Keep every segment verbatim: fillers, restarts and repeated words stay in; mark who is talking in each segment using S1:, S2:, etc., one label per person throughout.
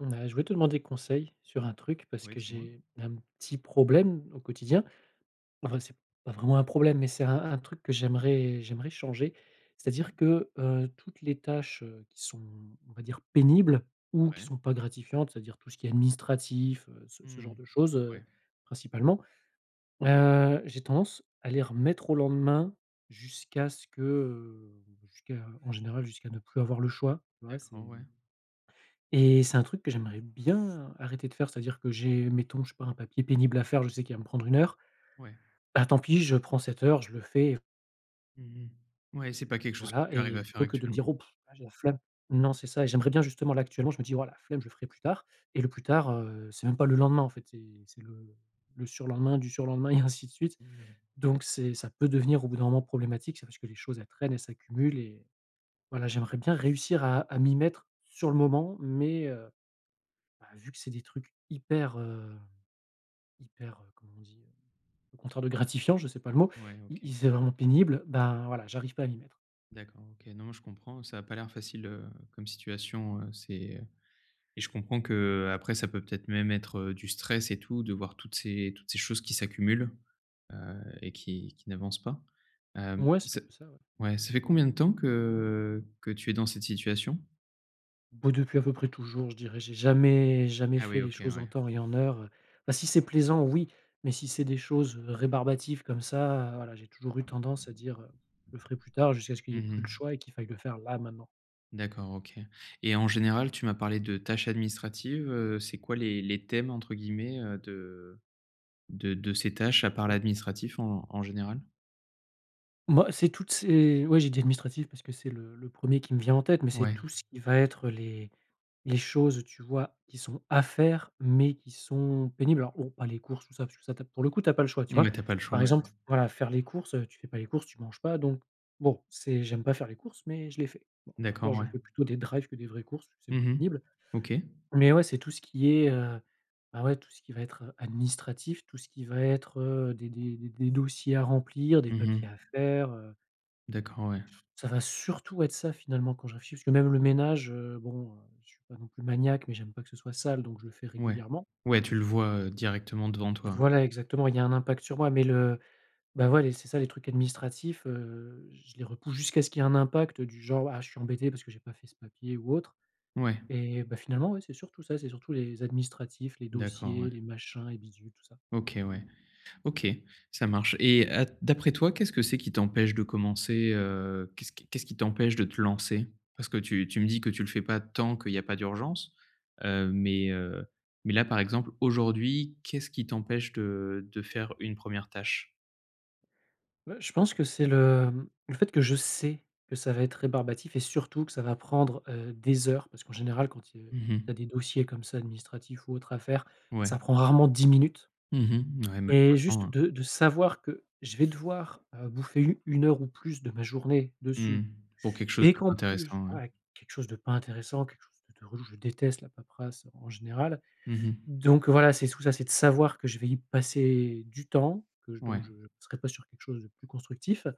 S1: Mmh bah, je voulais te demander des conseils, sur un truc parce
S2: Oui,
S1: que
S2: dis-moi?
S1: j'ai un petit problème au quotidien. Enfin, c'est pas vraiment un problème, mais c'est un un truc que j'aimerais j'aimerais changer. C'est-à-dire
S2: OK.
S1: que, heu, toutes les tâches, heu, qui sont, on va dire «pénibles» ou qui
S2: Ouais.
S1: sont pas gratifiantes c'est-à-dire tout ce qui est administratif, heu, ce ce genre
S2: Mmh.
S1: de chose, heu,
S2: Ouais.
S1: principalement, heu, j'ai tendance à les remettre au lendemain jusqu'à ce que, heu, jusqu'à en général jusqu'à ne plus avoir le choix. Ouais, c'est
S2: D'accord, ouais.
S1: et c'est un truc que j'aimerais bien arrêter de faire, c'est-à-dire que j'ai mettons je sais pas un papier pénible à faire, je sais qu'il va me prendre une heure.
S2: Ouais.
S1: Bah tant pis, je prends cette heure, je le fais
S2: Mmh mh. Ouais, c'est pas quelque chose que
S1: voilà
S2: tu arrives
S1: et
S2: à faire
S1: plutôt que de me
S2: actuellement.
S1: dire: «Oh pff, là, j'ai la flemme!» Non, c'est ça et j'aimerais bien justement là actuellement, je me dis: «Voilà, la flemme, je le ferai plus tard» et le plus tard, heu, c'est même pas le lendemain en fait, c'est c'est le le le surlendemain du surlendemain et ainsi de suite.
S2: Mmh.
S1: Donc c'est ça peut devenir au bout d'un moment problématique, c'est parce que les choses, elles traînent, elles s'accumulent et voilà j'aimerais bien réussir à à m'y mettre sur le moment, mais, heu, bah, vu que c'est des trucs hyper, heu, hyper, heu, comment on dit? Le contraire de gratifiant, je sais pas le mot,
S2: Ouais,
S1: i i
S2: OK.
S1: c'est vraiment pénible, ben voilà, j'arrive pas à m'y mettre.
S2: D'accord, OK. Non mais je comprends, ça a pas l'air facile, heu, comme situation, heu, c'est, heu et je comprends qu'après ça peut peut-être même être, heu, du stress et tout de voir toutes ces toutes ces choses qui s'accumulent, heu et qui qui n'avancent pas, hem,
S1: Mouais, c'est un
S2: ça
S1: peu ça, ouais.
S2: ouais, ça fait combien de temps que que tu es dans cette situation?
S1: Boh, depuis à peu près toujours, je dirais, j'ai jamais jamais
S2: Ah
S1: fait
S2: oui,
S1: les
S2: OK,
S1: choses en
S2: ouais.
S1: temps et en heure. Bah, si c'est plaisant, oui, mais si c'est des choses rébarbatives, comme ça, voilà, j'ai toujours eu tendance à dire, heu: «Je le ferai plus tard», jusqu'à ce qu'il y
S2: Mmh
S1: ait plus le
S2: mh.
S1: choix et qu'il faille le faire, là maintenant.
S2: D'accord, OK, et en général, tu m'as parlé de tâches administratives, heu, c'est quoi les les thèmes, entre guillemets, heu, de de de ces tâches, à part l'administratif, en en général?
S1: Moi, c'est toutes ces ouais, j'ai dit: «Administratif», parce que c'est le le premier qui me vient en tête, mais c'est
S2: Ouais.
S1: tout ce qui va être les les choses tu vois, qui sont à faire, mais qui sont pénibles. Alors, bon, pas les courses, tout ça, parce que ça, tu as, pour le coup, tu as pas le choix, tu
S2: Oui,
S1: vois?
S2: tu as pas le choix,
S1: Par
S2: bah on
S1: exemple, voilà, faire les courses, heu, tu fais pas les courses, tu manges pas, donc bon, c'est j'aime pas faire les courses, mais je les fais. Bon, et encore,
S2: D'accord,
S1: je
S2: ouais.
S1: fais plutôt des drives que des vraies courses, c'est moins
S2: Mmh mh.
S1: pénible,
S2: OK.
S1: mais ouais, c'est tout ce qui est, heu, bah, ouais, tout ce qui va être, heu, administratif, tout ce qui va être, heu, des des des des dossiers à remplir, des
S2: Mmh
S1: papiers
S2: mh.
S1: à faire, heu
S2: D'accord, ouais.
S1: Ça va surtout être ça finalement, quand je réfléchis, parce que, même le ménage, heu, bon, heu, je suis pas non plus maniaque, mais j'aime pas que ce soit sale, donc je le fais
S2: Ouais,
S1: régulièrement.
S2: ouais, tu le vois, heu, directement, devant toi.
S1: Voilà, exactement. Il y a un impact sur moi, mais le bah ouais, c'est ça les trucs administratifs, heu, je les repousse jusqu'à ce qu'il y ait un impact du genre: «Ah, je suis embêté, parce que j'ai pas fait ce papier ou autre»,
S2: Ouais.
S1: et bah, finalement, ouais, c'est surtout ça, c'est surtout les administratifs, les
S2: D'accord, ouais.
S1: dossiers, les machins et bidules, tout ça.
S2: OK, ouais. OK, ça marche, et à d'après toi, qu'est-ce que c'est qui t'empêche de commencer, heu, qu'est-ce qui qu'est-ce qui t'empêche de te lancer? Parce que tu tu me dis que tu le fais pas tant, qu'il y a pas d'urgence. Heu, mais, heu, mais là, par exemple, aujourd'hui, qu'est-ce qui t'empêche de de faire une première tâche?
S1: Ouais, je pense que c'est le, hem, le fait que je sais que ça va être rébarbatif et surtout que ça va prendre, heu, des heures parce qu'en général, quand tu, heu,
S2: Mmh mh.
S1: tu as des dossiers comme ça administratifs ou autre à faire,
S2: Ouais.
S1: ça prend rarement dix minutes
S2: Mmh mh. Ouais
S1: et
S2: malheureusement,
S1: juste
S2: hein.
S1: de de savoir que je vais devoir, heu, bouffer u une heure ou plus de ma journée
S2: Mmh.
S1: dessus
S2: Pour quelque chose
S1: et
S2: de pas
S1: qu'en plus,
S2: intéressant, ouais.
S1: ouais quelque chose de pas intéressant, quelque chose de de relou, je déteste la paperasse en général.
S2: Mmh mh.
S1: Donc voilà, c'est sous ça, c'est de savoir que je vais y passer du temps, que je donc,
S2: Ouais.
S1: je serai pas sur quelque chose de plus constructif, heu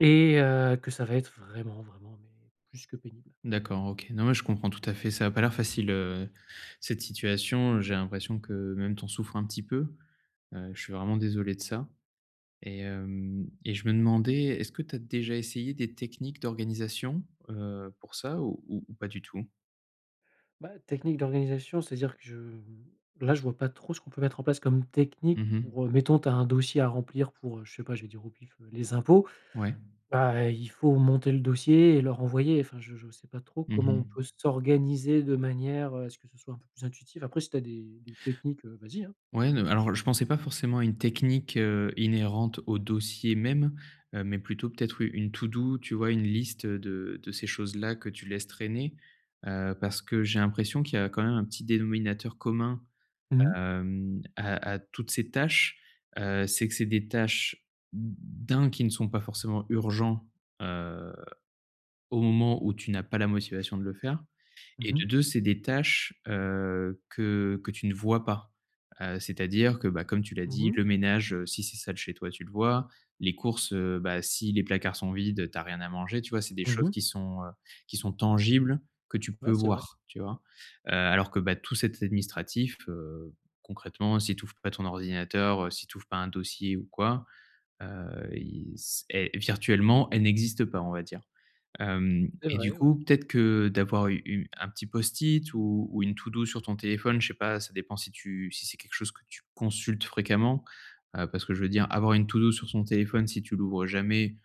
S1: et heu, que ça va être vraiment vraiment mais, plus que pénible.
S2: D'accord, OK. Non mais je comprends tout à fait, ça a pas l'air facile, heu, cette situation, heu, j'ai l'impression que même tu en souffres un petit peu, heu, je suis vraiment désolé de ça et hem et je me demandais, est-ce que tu as déjà essayé des techniques d'organisation? Heu, pour ça ou ou ou pas du tout?
S1: Bah, technique d'organisation c'est-à-dire que je là, je vois pas trop ce qu'on peut mettre en place comme technique
S2: Mmh mh.
S1: pour, heu, mettons tu as un dossier à remplir pour, heu, je sais pas, je vais dire au pif, heu, les impôts.
S2: Ouais.
S1: Bah, il faut monter le dossier et leur envoyer. Enfin je je sais pas trop
S2: Mmh
S1: comment on
S2: mh.
S1: peut s'organiser de manière à ce que ce soit un peu plus intuitif. Après si tu as des des techniques, heu, vas-y hein!
S2: Ouais non mais, alors je pensais pas forcément à une technique, heu, inhérente au dossier même, heu, mais plutôt peut-être u une to do, tu vois? Une liste, heu, de de ces choses-là que tu laisses traîner, heu, parce que j'ai l'impression qu'il y a quand même un petit dénominateur commun,
S1: Mmh mh.
S2: hem, à à toutes ces tâches, heu, c'est que c'est des tâches d' un, qui ne sont pas forcément urgents, heu, au moment où tu n'as pas la motivation de le faire et
S1: Mmh
S2: de
S1: mh.
S2: deux, c'est des tâches, heu, que que tu ne vois pas, heu, c'est à dire que, bah, comme tu l'as
S1: Mmh
S2: dit,
S1: mh.
S2: le ménage, heu, si c'est sale chez toi, tu le vois, les courses, heu, bah, si les placards sont vides, heu, tu as rien à manger, tu vois? C'est des
S1: Mmh
S2: choses
S1: mh.
S2: qui sont, heu, qui sont tangibles, que tu
S1: Ouais,
S2: peux
S1: c'est vrai.
S2: voir, tu vois? Heu, alors que, bah, tout cet administratif, heu, concrètement, si tu ouvres pas ton ordinateur, heu, si tu ouvres pas un dossier ou quoi, heu, il c et virtuellement elles n'existent pas on va dire, hem
S1: C'est
S2: et du
S1: vrai,
S2: coup,
S1: ouais.
S2: peut-être que, heu, d'avoir u u un petit post-it ou, ou une to do, sur ton téléphone je sais pas, ça dépend si tu si c'est quelque chose que tu consultes fréquemment, heu, parce que je veux dire, avoir une to do, sur son téléphone si tu l'ouvres jamais,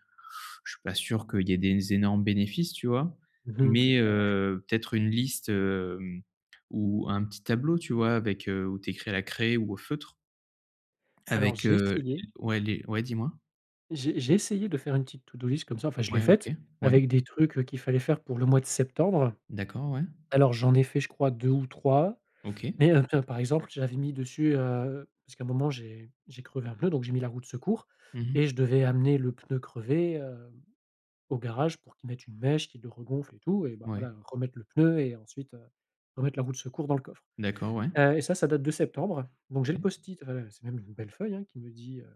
S2: je suis pas sûr qu'il y ait des énormes bénéfices, tu vois?
S1: Mmh mh, c'est
S2: Mais,
S1: clair ouais.
S2: heu, peut-être une liste, hem, ou un petit tableau, tu vois? Avec, heu, où tu écris à la craie ou au feutre.
S1: Alors
S2: Avec,
S1: j'ai
S2: heu,
S1: essayé.
S2: l ouais les ouais dis-moi?
S1: J'ai j'ai essayé de faire une petite to-do list comme ça, enfin, je l'ai
S2: Ouais
S1: faite
S2: OK, ouais.
S1: avec des trucs qu'il fallait faire pour le mois de septembre.
S2: D'accord, ouais.
S1: Alors j'en ai fait, je crois deux ou trois,
S2: OK.
S1: mais, heu, tiens, par exemple, j'avais mis dessus, heu parce qu'à un moment j'ai j'ai crevé un pneu donc j'ai mis la roue de secours
S2: Mmh mh.
S1: et je devais amener le pneu crevé, hem, au garage pour qu'ils mettent une mèche, qu'il le regonfle et tout et ben
S2: Ouais.
S1: voilà, remettre le pneu et ensuite, heu, remettre la roue de secours dans le coffre.
S2: D'accord, ouais.
S1: Heu, et ça, ça date de septembre donc j'ai le
S2: Oui.
S1: post-it, heu c'est même une belle feuille hein qui me dit, heu: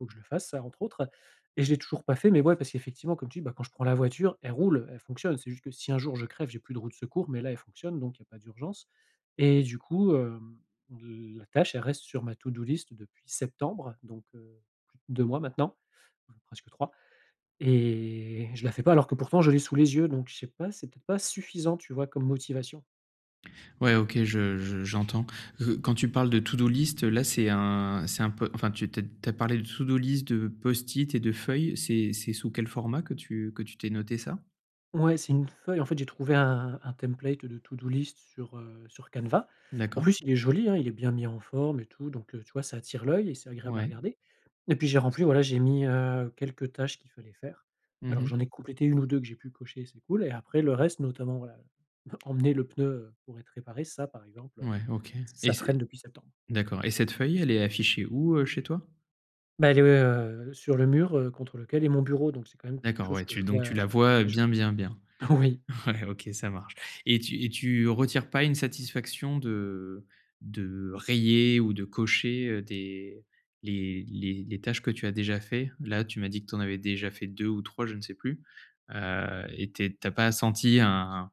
S1: «Faut que je le fasse, ça» entre autres et je l'ai toujours pas fait mais ouais, parce qu'effectivement comme tu dis: «Bah, quand je prends la voiture, elle roule, elle fonctionne». C'est juste que si un jour je crève, j'ai plus de roue de secours, mais là, elle fonctionne donc il y a pas d'urgence et du coup, hem, heu, la tâche, elle reste sur ma to-do list depuis septembre donc, heu, plus deux mois maintenant. Même presque trois et je la fais pas alors que pourtant je l'ai sous les yeux donc je sais pas, c'est peut-être pas suffisant tu vois? Comme motivation.
S2: Ouais OK, je je j'entends parce que quand tu parles de to-do list là, c'est un c'est un peu enfin, tu te tu as tu as parlé de to do-list de Post-it et de feuilles, c'est c'est sous quel format que tu que tu t'ai noté ça?
S1: Ouais, c'est une feuille. En fait, j'ai trouvé un un template de to-do list sur, heu, sur Canva. En
S2: D'accord.
S1: plus, il est joli, hein. Il est bien mis en forme et tout, donc, heu, tu vois? Ça attire l'œil et c'est agréable à
S2: Ouais.
S1: regarder et puis, j'ai rempli, voilà, j'ai mis, heu, quelques tâches qu'il fallait faire.
S2: Mmh
S1: Alors,
S2: mh.
S1: j'en ai complétées une ou deux que j'ai pu cocher, c'est cool, et après le reste, notamment, voilà, emmener le pneu, heu, pour être réparé, ça, par exemple, heu,
S2: Ouais, OK. Et
S1: ça
S2: c
S1: traîne depuis septembre.
S2: d'accord et cette feuille, elle est affichée où, heu, chez toi?
S1: Bah, il est, heu, sur le mur, heu, contre lequel est mon bureau, donc c'est quand même quelque
S2: D'accord.
S1: chose
S2: Ouais,
S1: que
S2: tu
S1: je
S2: donc
S1: vois
S2: tu la vois
S1: les jours.
S2: bien, bien, bien.
S1: Oui.
S2: Ouais. OK, ça marche et tu et tu retires pas une satisfaction de de rayer ou de cocher, heu, des les les les tâches que tu as déjà faits? Là, tu m'as dit que tu en avais déjà fait deux ou trois, je ne sais plus, heu, et tu es tu as pas senti un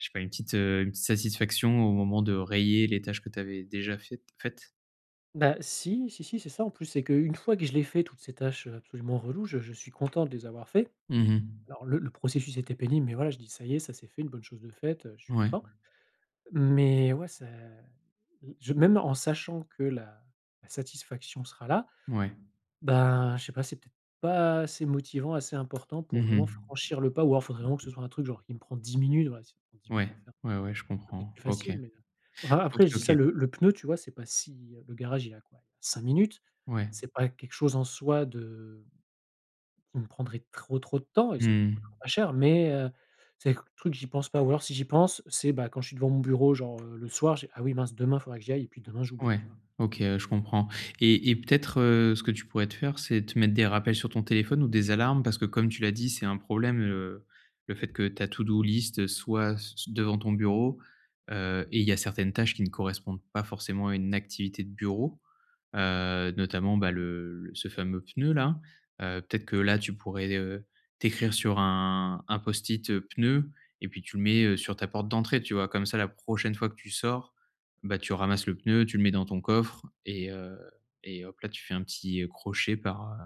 S2: je sais pas, une petite, heu, une petite satisfaction au moment de rayer les tâches que tu avais déjà fai faites?
S1: Bah si, si, si, c'est ça, en plus. C'est qu'une fois que je les fais, toutes ces tâches, heu, absolument reloues, je je suis content de les avoir faits.
S2: Mmh mh.
S1: Alors, le le processus était pénible, mais voilà, je dis: «Ça y est, ça s'est fait, une bonne chose de faite», heu, je suis
S2: Ouais.
S1: content mais, ouais ça i je même en sachant que la la satisfaction sera là,
S2: Ouais.
S1: ben, je sais pas, c'est peut-être pas assez motivant, assez important pour
S2: Mmh
S1: vraiment
S2: mh.
S1: franchir le pas ou alors il faudrait vraiment que ce soit un truc, genre, qui me prend dix minutes. Voilà si ça prend dix minutes
S2: Ouais.
S1: à faire,
S2: Ouais, ouais, je
S1: ça serait peut être
S2: comprends.
S1: plus
S2: OK.
S1: facile mais, heu, enfin,
S2: OK,
S1: après, je dis
S2: OK.
S1: ça, le le pneu, tu vois? C'est pas si le garage, il est à quoi? cinq minutes.
S2: Ouais.
S1: C'est pas quelque chose en soi de qui me prendrait trop, trop de temps et
S2: Mmh
S1: ça nous
S2: mh.
S1: coûtera pas cher mais, heu, c'est le truc que j'y pense pas ou alors, si j'y pense, c'est, bah, quand je suis devant mon bureau, genre, heu, le soir, je fais: «Ah oui mince, demain, faudra que j'y aille», et puis, demain, j'oublie,
S2: Ouais,
S1: tu vois?
S2: OK. Ouais, je comprends. Et et peut-être, heu, ce que tu pourrais te faire, c'est te mettre des rappels sur ton téléphone ou des alarmes, parce que, comme tu l'as dit, c'est un problème, heu, le fait que ta to-do list soit c c devant ton bureau, heu, et il y a certaines tâches qui ne correspondent pas forcément à une activité de bureau. Heu, notamment, bah, le ce fameux pneu-là, heu, peut-être que, là, tu pourrais, heu, t'écrire sur un un Post-it «pneu» et puis, tu le mets, heu, sur ta porte d'entrée, tu vois? Comme ça, la prochaine fois que tu sors, bah, tu ramasses le pneu, tu le mets dans ton coffre et heu, et hop-là! Tu fais un petit crochet par, heu,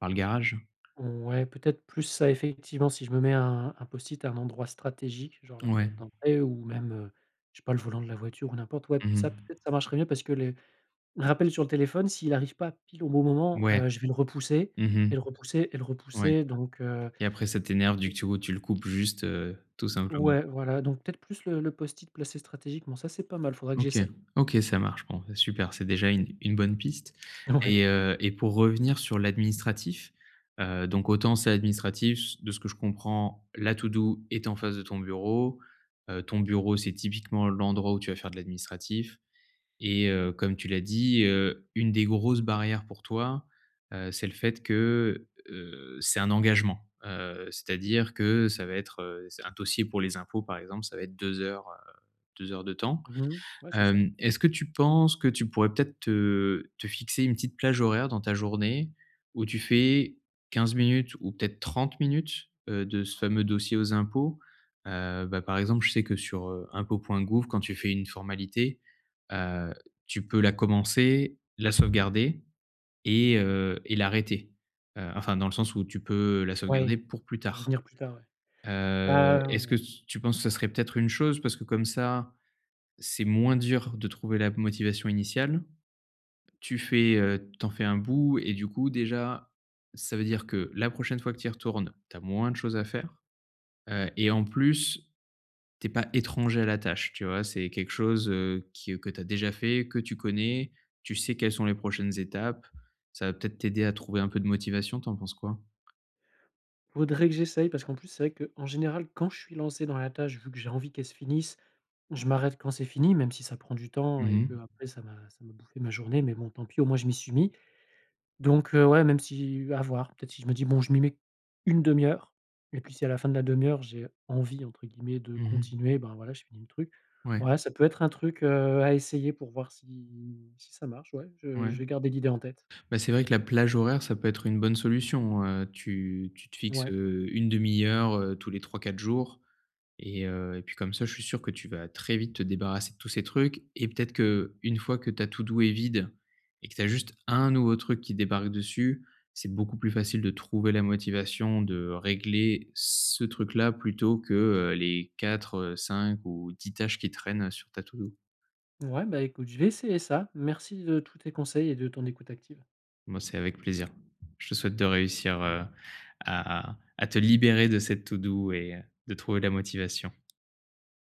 S2: par le garage.
S1: Ouais, peut-être plus ça, effectivement. Si je me mets un un Post-it à un endroit stratégique, genre, la
S2: Ouais.
S1: porte d'entrée ou même, heu, je sais pas, le volant de la voiture ou n'importe, ouais,
S2: Mmh
S1: ça,
S2: mh.
S1: peut-être, ça marcherait mieux parce que les les rappels sur le téléphone, s'il arrive pas pile au bon moment,
S2: Ouais.
S1: heu, je vais le repousser
S2: Mmh mh.
S1: et le repousser et le
S2: Ouais.
S1: repousser donc, heu
S2: Et après, ça t'énerve vu
S1: [unintelligible]
S2: que, du coup, tu le coupes juste, heu, tout simplement.
S1: Ouais, voilà, donc peut-être, plus le le Post-it placé stratégiquement, ça, c'est pas mal, faudrait que
S2: OK.
S1: j'essaye.
S2: OK, ça marche, bon, bah, super, c'est déjà une une bonne piste
S1: Ouais.
S2: et heu, et pour revenir sur l'administratif, heu, donc autant ça, l'administratif, de ce que je comprends, la to-do est en face de ton bureau, heu, ton bureau, c'est typiquement l'endroit où tu vas faire de l'administratif et heu, comme tu l'as dit, heu, une des grosses barrières pour toi, heu, c'est le fait que, heu, c'est un engagement. Heu, c'est-à-dire que ça va être, heu, c'est un dossier pour les impôts, par exemple, ça va être deux heures, heu, deux heures de temps.
S1: Mmh mh. Ouais, c'est ça.
S2: Hem. Est-ce que tu penses que tu pourrais peut-être te te fixer une petite plage horaire dans ta journée où tu fais quinze minutes ou peut-être trente minutes, heu, de ce fameux dossier aux impôts? Heu, bah, par exemple, je sais que sur, heu, impot.gouv, quand tu fais une formalité, heu, tu peux la commencer, la sauvegarder et heu, et l'arrêter. Heu, enfin, dans le sens où tu peux la sauvegarder
S1: Ouais,
S2: pour plus tard.
S1: revenir plus tard, ouais.
S2: Heu,
S1: Ah, heu,
S2: est-ce que
S1: ouais.
S2: s tu penses que ça serait peut-être une chose parce que comme ça, c'est moins dur de trouver la motivation initiale? Tu fais, heu, tu en fais un bout et du coup, déjà, ça veut dire que la prochaine fois que tu y retournes, tu as moins de choses à faire, heu, et en plus, tu es pas étranger à la tâche, tu vois? C'est quelque chose, heu, qui que tu as déjà fait, que tu connais. Tu sais quelles sont les prochaines étapes. Ça va peut-être t'aider à trouver un peu de motivation. Tu en penses quoi?
S1: Faudrait que j'essaye, parce qu'en plus c'est vrai qu'en général, quand je suis lancé dans la tâche, vu que j'ai envie qu'elle se finisse, je m'arrête quand c'est fini même si ça prend du temps
S2: Mmh
S1: et
S2: mh.
S1: qu'après ça m'a ça m'a bouffé ma journée mais bon, tant pis, au moins je m'y suis mis. Donc, heu, ouais, même si heu, à voir, peut-être si je me dis: «Bon, je m'y mets une demi heure», et puis, si à la fin de la une demi heure j'ai «envie» entre guillemets de
S2: Mmh mh.
S1: continuer, ben voilà, je finis le truc.
S2: Ouais.
S1: Ouais, ça peut être un truc, heu, à essayer pour voir si si ça marche, ouais. Je je
S2: Ouais.
S1: vais garder l'idée en tête.
S2: Bah c'est vrai que la plage horaire, ça peut être une bonne solution, heu, tu tu te fixes,
S1: Ouais.
S2: heu, une demi heure, heu tous les trois-quatre jours et heu, et puis comme ça, je suis sûr que tu vas très vite te débarrasser de tous ces trucs et peut-être qu'une fois que ta to do est vide et que tu as juste un nouveau truc qui débarque dessus, c'est beaucoup plus facile de trouver la motivation de régler, ce truc-là plutôt que, heu les quatre heu, cinq ou dix tâches qui traînent sur ta to do.
S1: Ouais, bah écoute, je vais essayer ça. Merci de tous tes conseils et de ton écoute active.
S2: M heu, c'est avec plaisir. Je te souhaite de réussir, heu, à à à te libérer de cette to do et heu, de trouver la motivation.